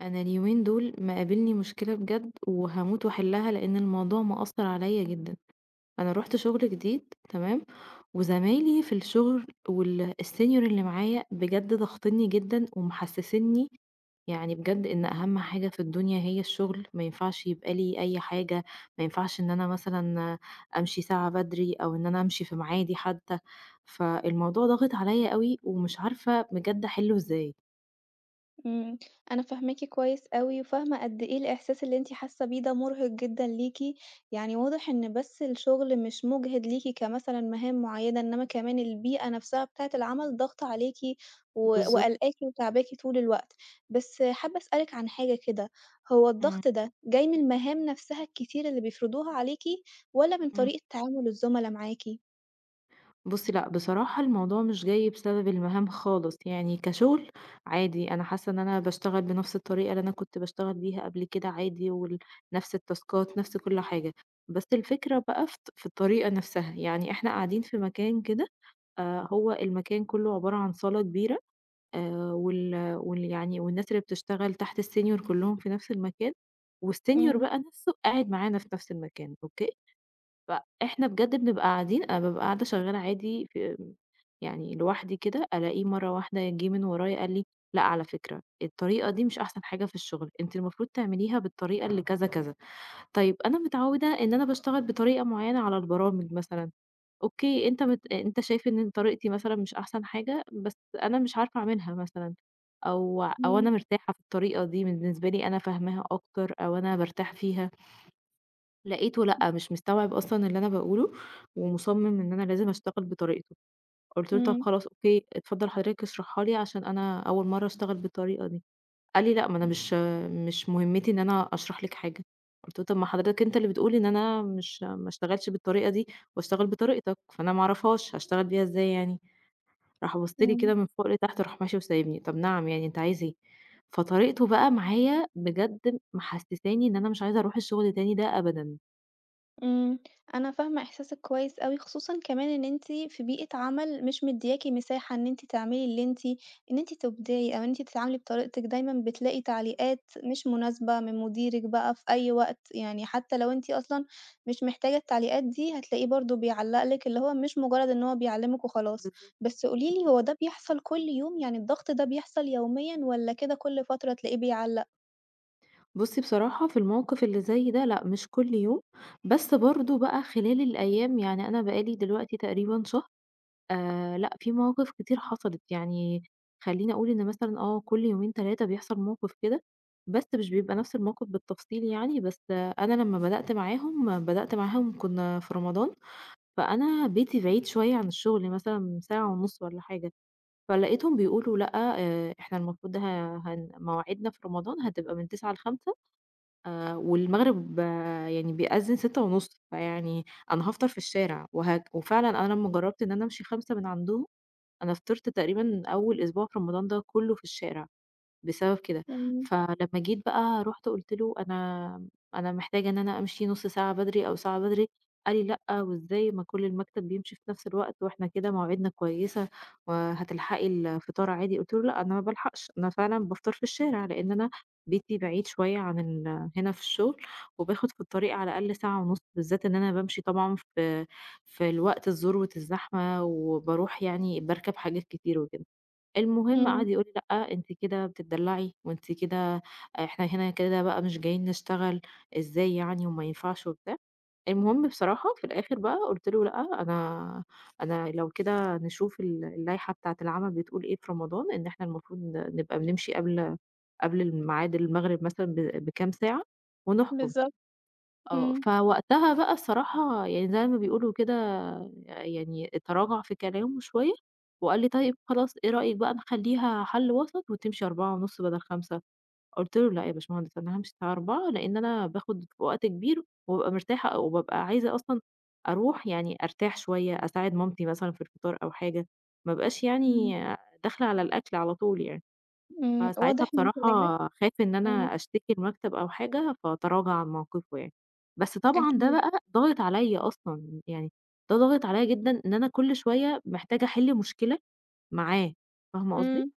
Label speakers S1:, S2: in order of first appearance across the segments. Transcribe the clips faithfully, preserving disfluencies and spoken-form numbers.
S1: أنا اليومين دُول مقابلني مشكلة بجد وهاموت وأحلّها، لإن الموضوع مأثر عليَّ جدًا، أنا رُحت شغل جديد تمام، وزمايلي في الشغل وال الsenior اللي معايا بجد ضاغِطْنَنِي جدًا، ومحسّسني يعني بجد إن أهم حاجة في الدنيا هي الشغل، ما ينفعش يبقى لي أي حاجة، ما ينفعش إن أنا مثلًا أمشي ساعة بدري، أو إن أنا أمشي في ميعادي حتى، فالموضوع ضاغط عليَّ أوي، ومش عارفة بجد أحلُّه إزاي؟
S2: إمم، أنا فاهماكِ كويس أوي، وفاهمة قد إيه الإحساس اللي أنتِ حاسة بيه ده مُرهِق جدًا ليكِ، يعني واضح إن بس الشغل مش مُجهِد ليكِ كمثلًا مهام معيّنة، إنّما كمان البيئة نفسها بتاعِة العمل ضاغطة عليكِ و
S1: بالضبط.
S2: وقالقاكِ وتاعباكِ طول الوقت، بس حابة أسألِك عن حاجة كده، هو
S1: إمم.
S2: الضغط ده جاي من المهام نفسها الكتير اللي بيفرضوها عليكِ، والَّا من
S1: إمم.
S2: طريقة تعامل الزُملا معاكِ؟
S1: بُصّي، لأ بصراحة الموضوع مش جاي بسبب المهام خالص، يعني كشغل عادي أنا حاسة إن أنا باشتغل بنَفْس الطريقة اللي أنا كنت باشتغل بيها قبل كده عادي، وال نَفْس التاسكات نَفْس كُلّ حاجة، بس الفكرة بقى في الط في الطريقة نفسها، يعني إحنا قاعدين في مكان كده آآ، هو المكان كُلّه عبارة عن صالة كبيرة آآ، وال وال يعني والناس اللي بتشتغل تحت الsenior كلّهم في نَفْس المكان والsenior
S2: إمم.
S1: بقى نفسُه قاعد معانا في نَفْس المكان، أوكي؟ فإحنا بجد بنبقى قاعدين أنا بابقى قاعدة شغالة عادي ف يعني لوحدي كده ألاقيه مرّه واحدة جِه من ورايا قال لي: "لأ على فكرة الطريقة دي مش أحسن حاجة في الشغل أنتِ المفروض تعمليها بالطريقة اللي كذا، كذا" طيب أنا متعوّدة إن أنا باشتغل بطريقة معيّنة على البرامج مثلًا، أوكي، أنت مت أنت شايف إن طريقتي مثلًا مش أحسن حاجة، بس أنا مش عارفة أعملها مثلًا، أو أو
S2: إمم.
S1: أنا مرتاحة في الطريقة دي بالنسبة لي أنا فاهماها أكتر، أو أنا بارتاح فيها ...لقيته
S2: [unintelligible]
S1: لأ مش مستوعب أصلًا اللي أنا باقولُه ومُصمِّم إن أنا لازم أشتغل بطريقتُه، قُلت له: "طَب
S2: إمم.
S1: خلاص أوكي، اتفضّل حضرتك اشرحها لي عشان أنا أول مرّه أشتغل بالطريقة دي." قال لي: "لأ، ما أنا مش، مش مهمّتي إن أنا أشرح لِك حاجة." قُلت له: "طَب ما حضرتك أنت اللي بتقول إن أنا مش ما اشتغلش بالطريقة دي وأشتغل بطريقتك فأنا ما أعرفهاش هاشتغل بيها إزاي يعني؟" راح بَصّ لي كده
S2: إمم.
S1: من فوق لتحت، وراح ماشي وسايبني، طَب نعم يعني أنت عايز إيه؟ فطريقته بقى معايا بجد محسِّساني إن أنا مش عايزة أرُوح الشغل تاني ده أبدًا.
S2: امم، أنا فاهمة إحساسِك كويس أوي، خصوصًا كمان إن أنتِ في بيئة عمل مش مديّاكِ مساحة إن أنتِ تعملي اللّي أنتِ إن أنتِ تُبدعي، أو أنتِ تتعاملي بطريقتِك، دايمًا بتلاقي تعليقات مش مناسبة من مديرِك بقى في أي وقت، يعني حتى لو أنتِ أصلًا مش محتاجة التعليقات دي، هتلاقيه برضه بيعلّق لِك، اللّي هو مش مجرد إن هو بيعلّمِك وخلاص.
S1: بالضبط.
S2: بس قولي
S1: امم.
S2: لي، هو ده بيحصل كُلّ يوم؟ يعني الضغط ده بيحصل يوميًا والَّا كده كُلّ فترة تلاقيه بيعلّق؟
S1: بُصّي، بصراحة في الموقف اللّي زي ده لأ، مش كُلّ يوم، بس برضه بقى خلال الأيام يعني أنا بقى لي دلوقتي تقريبًا شهر، آآ، لأ في مواقف كتير حصلِت، يعني خلّيني أقول إن مثلًا آه، كُلّ يومين تلاتة بيحصل موقف كده، بس مش بيبقى نفس الموقف بالتفصيل يعني، بس أنا لمّا بدأت معاهم بدأت معاهم كنا في رمضان، فأنا بيتي بعيد شوية عن الشغل، مثلًا ساعة ونُصّ والَّا حاجة، فلقيتهم بيقولوا لأ، آآ، إحنا المفروض ه هن مواعيدنا في رمضان هتبقى من تسعة ل خمسة، آآ، والمغرب يعني بيأذّن سِتّة ونُصّ، فيعني أنا هافطر في الشارع. وه وفعلاً أنا لمّا جرّبت إن أنا أمشي خمسة من عندهم، أنا فطرت تقريبًا أوّل أسبوع في رمضان ده كُلّه في الشارع بسبب كده،
S2: امم.
S1: فلمّا جيت بقى رُحت قُلت له أنا أنا محتاجة إن أنا أمشي نُصّ ساعة بدري أو ساعة بدري، قال لي لأ، وإزاي ما كُلّ المكتب بيمشي في نفس الوقت، وإحنا كده مواعيدنا كويسة، وهتلحقي الفطار عادي، قُلت له لأ، أنا ما بالحقش، أنا فعلًا بافطر في الشارع، لإن أنا بيتي بعيد شوية عن ال هنا في الشغل، وباخد في الطريق على الأقل ساعة ونص، بالذات إن أنا بامشي طبعًا ف في الوقت الذروة الزحمة، وبارُوح يعني باركب حاجات كتيرة وكده، المهم قعد
S2: امم.
S1: يقول لي لأ أنتِ كده بتتدلّعي، وأنتِ كده إحنا هنا كده بقى مش جايين نشتغل، إزاي يعني وما ينفعش وبتاع، المهم بصراحة في الآخر بقى قُلت له لأ أنا أنا لو كده نشوف ال اللايحة بتاعة العَمَل بتقول إيه في رمضان، إن إحنا المفروض ن نبقى بنمشي قبل قبل الميعاد المغرب مثلًا ب بكام ساعة ونحكُم
S2: بالضبط،
S1: آه،
S2: امم.
S1: فوقتها بقى الصراحة يعني زي ما بيقولوا كده يعني تراجع في كلامه شوية، وقال لي طيّب خلاص إيه رأيِك بقى نخلّيها حَلّ وسط وتمشي أربعة ونُصّ بدل خمسة؟ قُلت له لأ يا باشمهندس، أنا هامشي الساعة أربعة لإن أنا باخد وقت كبير وبابقى مرتاحة، وبابقى عايزة أصلًا أرُوح يعني أرتاح شوية، أساعد مامتي مثلًا في الفطار، أو حاجة، ما أبقاش
S2: امم.
S1: يعني داخلة على الأكل على طول يعني،
S2: امم،
S1: فساعتها
S2: واضح من كلامِك
S1: بصراحة خاف إن
S2: [unintelligible]
S1: أنا أشتكي المكتب أو حاجة، فتراجع عن موقفُه يعني، بس طبعًا ده
S2: أكيد.
S1: بقى ضاغط عليَّ أصلًا، يعني ده ضاغط عليَّ جدًا إن أنا كُلّ شوية محتاجة أحِلّ مشكلة معاه، فاهمة قصدي؟
S2: امم،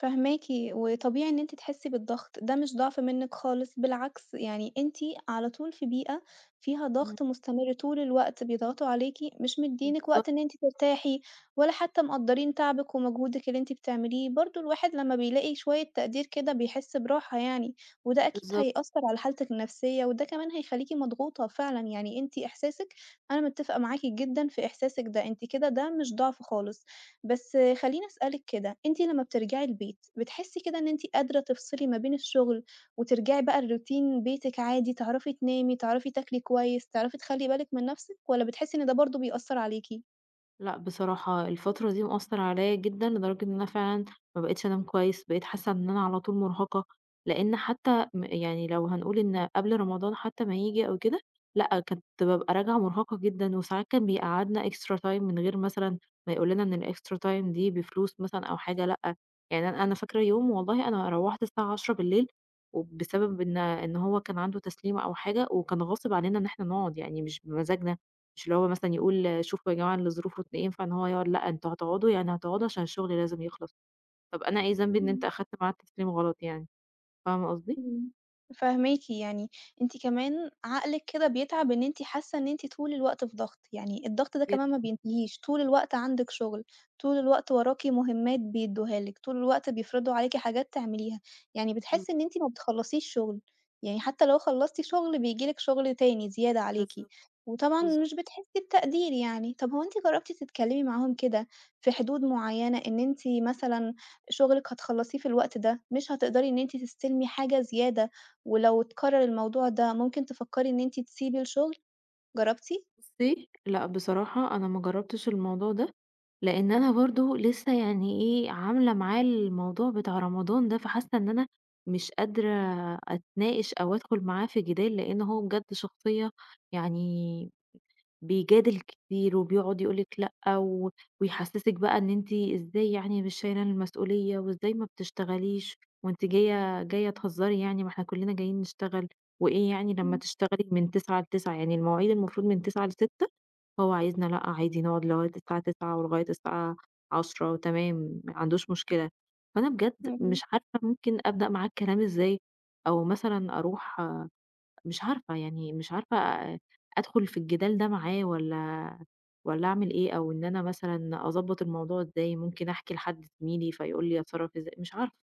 S2: فاهماكِ، وطبيعي إن أنتِ تحسّي بالضغط، ده مش ضعف منِّك خالص، بالعكس، يعني أنتِ على طول في بيئة فيها
S1: امم.
S2: ضغط مستمر طول الوقت، بيضغطوا عليكِ، مش مِدّيينِك
S1: بالضبط.
S2: وقت إن أنتِ ترتاحي، ولا حتى مقدّرين تعبِك ومجهودِك اللّي أنتِ بتعمليه، برضه الواحد لمّا بيلاقي شويّة تقدير كده، بيحسّ براحة يعني، وده أكيد
S1: بالضبط.
S2: هيأثّر على حالتِك النفسيّة، وده كمان هيخلّيكِ مضغوطة فعلًا، يعني أنتِ إحساسِك أنا متفقة معاكِ جدًا في إحساسِك ده، أنتِ كده ده مش ضعف خالص، بس خلّيني أسألِك كده، أنتِ لمّا بترجعي البيت بتحسّي كده إنّ أنتِ قادرة تفصلي ما بين الشغل، وترجعي بقى لروتين بيتِك عادي، تعرفي تنامي، تعرفي تاكلي كويس، تعرفي تخلّي بالكِ من نفسِك، والَّا بتحسّي إنّ ده برضه بيأثّر عليكِ؟
S1: لأ بصراحة الفترة دي مأثّر عليّا جدًا لدرجة إن أنا فعلًا ما بقيتش أنام كويس، بقيت حاسة إن أنا على طول مُرهقة لإن حتى م يعني لو هنقول إن قبل رمضان حتى ما ييجي أو كده لأ كنت بابقى راجعة مُرهقة جدًا، وساعات كان بيقعّدنا إكسترا تايم من غير مثلًا ما يقول لنا إن الإكسترا تايم دي بفلوس مثلًا أو حاجة، لأ يعني أنا أنا فاكر يوم والله أنا روّحت الساعة عشرة بالليل وبسبب إن إن هو كان عنده تسليم أو حاجة وكان غاصب علينا إن احنا نقعُد يعني مش بمزاجنا، مش اللي هو مثلًا يقول شوفوا يا جماعة اللي ظروفه ت ينفع إن هو يقعُد لأ أنتم هتقعدوا يعني هتقعدوا عشان الشغل لازم يخلص. طب أنا إيه ذنبي إن أنت
S2: إمم.
S1: أخدت معاد تسليم غلط يعني، فاهمة قصدي؟
S2: إمم فاهماكِ، يعني أنتِ كمان عقلِك كده بيتعب إن أنتِ حاسة إن أنتِ طول الوقت في ضغط، يعني الضغط ده كمان ما
S1: جدًا.
S2: بينتهيش طول الوقت عندِك شغل، طول الوقت وراكِ مُهمات بيدُّوها لِك، طول الوقت بيفرضوا عليكِ حاجات تعمليها يعني بتحسّي
S1: بالضبط.
S2: إن أنتِ ما بتخلّصيش شغل، يعني حتى لو خلّصتِ شغل بييجي لِك شغل تاني زيادة عليكِ،
S1: بالضبط،
S2: وطبعًا
S1: بالضبط.
S2: مش بتحسّي بتقدير يعني، طب هو أنتِ جرّبتِ تتكلمي معاهم كده في حدود معيّنة إن أنتِ مثلًا شغلِك هتخلّصيه في الوقت ده مش هتقدري إن أنتِ تستلّمي حاجة زيادة، ولو اتكرر الموضوع ده ممكن تفكّري إن أنتِ تسيبي الشغل، جرّبتِ؟
S1: بُصّي لأ بصراحة أنا ما جرّبتش الموضوع ده، لإن أنا برضه لسه يعني إيه عاملة معاه الموضوع بتاع رمضان ده، فحاسة إن أنا مش قادرة أتناقش أو ادخل معاه في جِدال لإن هو بجد شخصية يعني بيجادل كتير وبيقعُد يقول لِك لأ و ويحسسك بقى إن أنتِ إزاي يعني مش شايله المسؤولية، وإزاي ما بتشتغليش وأنتِ جايّة جايّة تهزّري يعني ما إحنا كلّنا جايين نشتغل وإيه يعني لمّا
S2: إمم.
S1: تشتغلي من تسعة لتسعة يعني المواعيد المفروض من تسعة لستة، فهو عايزنا لأ عادي نقعُد لغاية الساعة تسعة ولغاية الساعة عشرة تمام ما عندوش مشكلة، فأنا بجد
S2: امم، امم.
S1: مش عارفة ممكن أبدأ معاه الكلام ازاي أو مثلًا أرُوح مش عارفة يعني مش عارفة أ أ أدخل في الجِدال ده معاه والّا والّا اعمل إيه؟ أو إن أنا مثلًا أضبط الموضوع إزاي ممكن احكي لحد زميلي فيقول لي أتصرّف ازا مش عارفة؟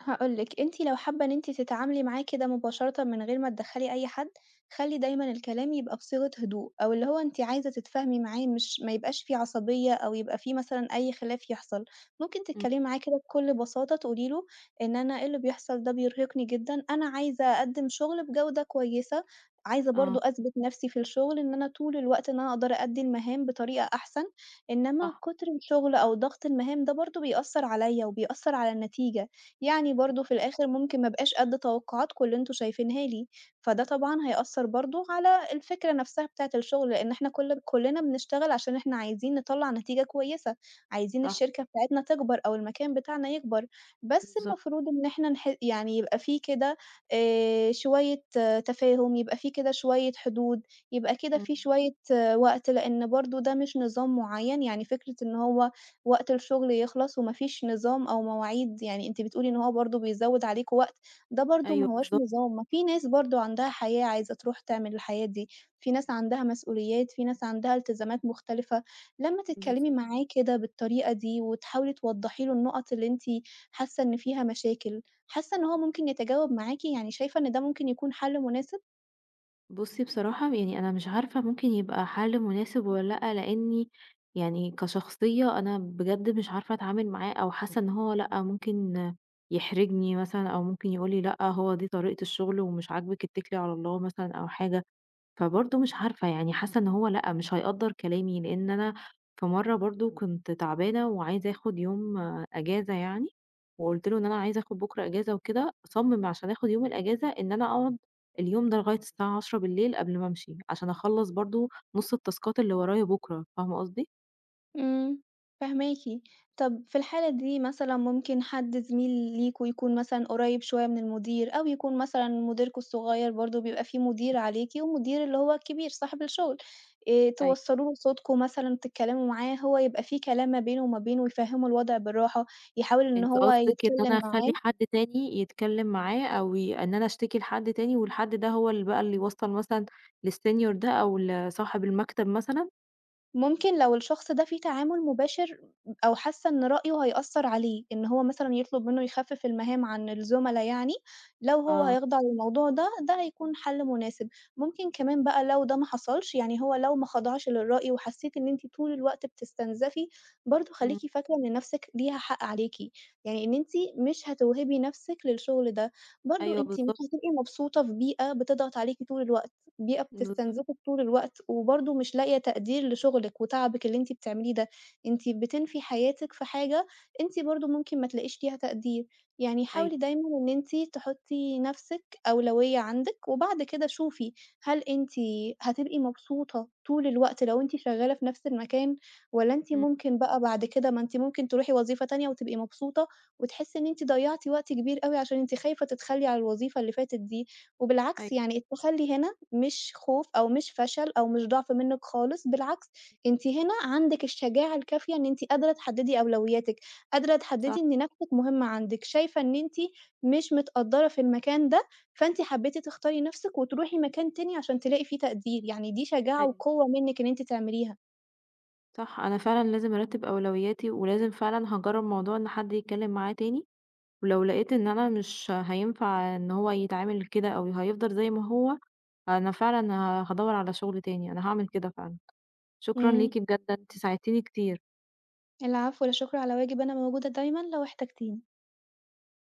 S2: هاقول لِك أنتِ لو حابة إن أنتِ تتعاملي معاه كده مباشرةً من غير ما تدخّلي أي حد، خلّي دايمًا الكلام يبقى بصيغة هدوء، أو اللي هو أنتِ عايزة تتفاهمي معاه مش ما يبقاش في عصبية أو يبقى في مثلًا أي خلاف يحصل، ممكن
S1: امم.
S2: تتكلّمي معاه كده بكُلّ بساطة تقولي له إن أنا إيه اللي بيحصل ده بيرهقني جدًا، أنا عايزة أقدِّم شغل بجودة كويسة، عايزة
S1: آه.
S2: برضه أثبت نفسي في الشغل إن أنا طول الوقت إن أنا أقدر أأدّي المهام بطريقة أحسن، إنّما
S1: صح.
S2: كُتر الشغل أو ضغط المهام ده برضه بيأثّر عليَّ، وبيأثّر على النتيجة، يعني برضه في الآخر ممكن ما أبقاش قد توقعاتكم اللي أنتم شايفينها لي فده طبعًا هيأثّر برضه على الفكرة نفسها بتاعة الشغل، لأن إحنا كل كُلّنا بنشتغل عشان إحنا عايزين نطّلع نتيجة كويسة، عايزين
S1: صح.
S2: الشركة بتاعتنا تكبر، أو المكان بتاعنا يكبر، بس
S1: بالضبط.
S2: المفروض إن إحنا نح يعني يبقى في كده، آآ، شوية تفاهم يبقى في كده شوية حدود، يبقى كده في
S1: امم.
S2: شوية آآ، وقت لأن برضه ده مش نظام معيّن، يعني فكرة إن هو وقت الشغل يخلص، ومافيش نظام أو مواعيد يعني أنتِ بتقولي إن هو برضه بيزوّد عليكم وقت، ده برضه
S1: أيوه
S2: ما هوّاش
S1: بالضبط.
S2: نظام، ما في ناس برضه عندها حياة عايزة ترُوح تعمل الحياة دي، في ناس عندها مسؤوليات، في ناس عندها إلتزامات مختلفة لمّا تتكلّمي
S1: بالضبط.
S2: معاه كده بالطريقة دي، وتحاولي توضحي له النقط اللي أنتِ حاسة إن فيها مشاكل، حاسة إن هو ممكن يتجاوب معاكِ؟ يعني شايفة إن ده ممكن يكون حَلّ مناسب؟
S1: بُصّي، بصراحة يعني أنا مش عارفة ممكن يبقى حل مناسب والّا لأ، لأني يعني كشخصية أنا بجد مش عارفة أتعامل معاه، أو حاسة إن هو لأ ممكن يحرجني مثلًا أو ممكن يقول لي "لأ، هو دي طريقة الشغل ومش عاجبك اتكلي على الله." مثلًا أو حاجة، فبرضه مش عارفة يعني حاسه إن هو لأ مش حيقدّر كلامي لأن أنا في مرة برضه كنت تعبانة وعايزة آخد يوم إجازة يعني وقُلت له إن "أنا عايزة آخد بكرة إجازة وكده." صمم عشان آخد يوم الإجازة إن أنا أقعد اليوم ده لغاية الساعة عشرة بالليل قبل ما أمشي، عشان أخلص برضه نُص التاسكات اللي ورايا بُكرة، فاهمة قصدي؟
S2: امم فهماكِ، طَب في الحالة دي مثلًا ممكن حد زميل ليكم يكون مثلًا قريب شوية من المدير، أو يكون مثلًا مديركم الصغير برضه بيبقى في مدير
S1: [unintelligible]
S2: عليكِ، ومدير اللي هو الكبير صاحب الشغل، آآ،
S1: أيوه.
S2: توصلوا له صوتكم مثلًا، تتكلموا معاه هو يبقى في كلام ما بينه وما بينه يفهموا الوضع بالراحة يحاول إنه
S1: أنتِ
S2: هو
S1: قصدِك إن
S2: يتكلم
S1: أنا
S2: معاه.
S1: أخلي حد تاني يتكلم معاه أو ي إن أنا أشتكي لحد تاني والحد ده هو ال بقى اللي يوصل مثلًا ل السينيور ده أو لصاحب المكتب مثلًا؟
S2: ممكن لو الشخص ده فيه تعامل مباشر، أو حاسة إن رأيه هيأثّر عليه إن هو مثلًا يطلب منه يخفِّف المهام عن الزملا يعني، لو هو
S1: آه.
S2: هيخضع للموضوع ده، ده هيكون حَلّ مناسب، ممكن كمان بقى لو ده ما حصلش يعني هو لو ما خضعش للرأي وحسيتِ إن أنتِ طول الوقت بتستنزَفي، برضه خليكِ
S1: امم.
S2: فاكرة إن نفسِك ليها حق عليكِ، يعني إن أنتِ مش هتوهبي نفسِك للشغل ده، برضه
S1: أيوه،
S2: أنتِ مش
S1: بالضبط.
S2: هتبقي مبسوطة في بيئة بتضغط عليكِ طول الوقت، بيئة
S1: بالضبط.
S2: بتستنزفِك طول الوقت، وبرضه مش لاقية تقدير لشغلِك وتعبِك اللي أنتِ بتعمليه ده، أنتِ بتنفي حياتِك في حاجة أنتِ برضه ممكن ما تلاقيش فيها تقدير، يعني
S1: أيوه.
S2: حاولي دايمًا إن أنتِ تحطّي نفسِك أولوية عندِك وبعد كده شوفي، هل أنتِ هتبقي مبسوطة طول الوقت لو أنتِ شغالة في نفس المكان، والَّا أنتِ
S1: إمم.
S2: ممكن بقى بعد كده ما أنتِ ممكن ترُوحي وظيفة تانية وتبقي مبسوطة وتحسي إن أنتِ ضيعتِ وقت كبير أوي عشان أنتِ خايفة تتخلِّي على الوظيفة اللي فاتت دي، وبالعكس
S1: أيوه.
S2: يعني التخلّي هنا مش خوف أو مش فَشَل أو مش ضعف منِّك خالص، بالعكس أنتِ هنا عندِك الشجاعة الكافية إن أنتِ قادرة تحدِّدي أولوياتِك، قادرة تحدِّدي
S1: صح.
S2: إن نفسِك مهمة عندِك، شايفة إن أنتِ مش متقدرّة في المكان ده، فأنتِ حبيتِ تختاري نفسِك وترُوحي مكان تاني، عشان تلاقي في تقدير يعني دي شجاعة
S1: أيوه.
S2: وقوة منِّك إن أنتِ تعمليها.
S1: صح، أنا فعلًا لازم أرتِّب أولوياتي، ولازم فعلًا هاجرّب موضوع إن حد يتكلم معاه تاني، ولو لقيت إن أنا مش هينفع إن هو يتعامل كده أو هيفضل زي ما هو، فأنا فعلًا ه هادوّر على شغل تاني، أنا هاعمل كده فعلًا، شكرًا
S2: امم.
S1: ليكِ بجد ده أنتِ ساعدتيني كتير.
S2: العفو، لا شُكر على واجب، أنا موجودة دايمًا لو احتاجتيني.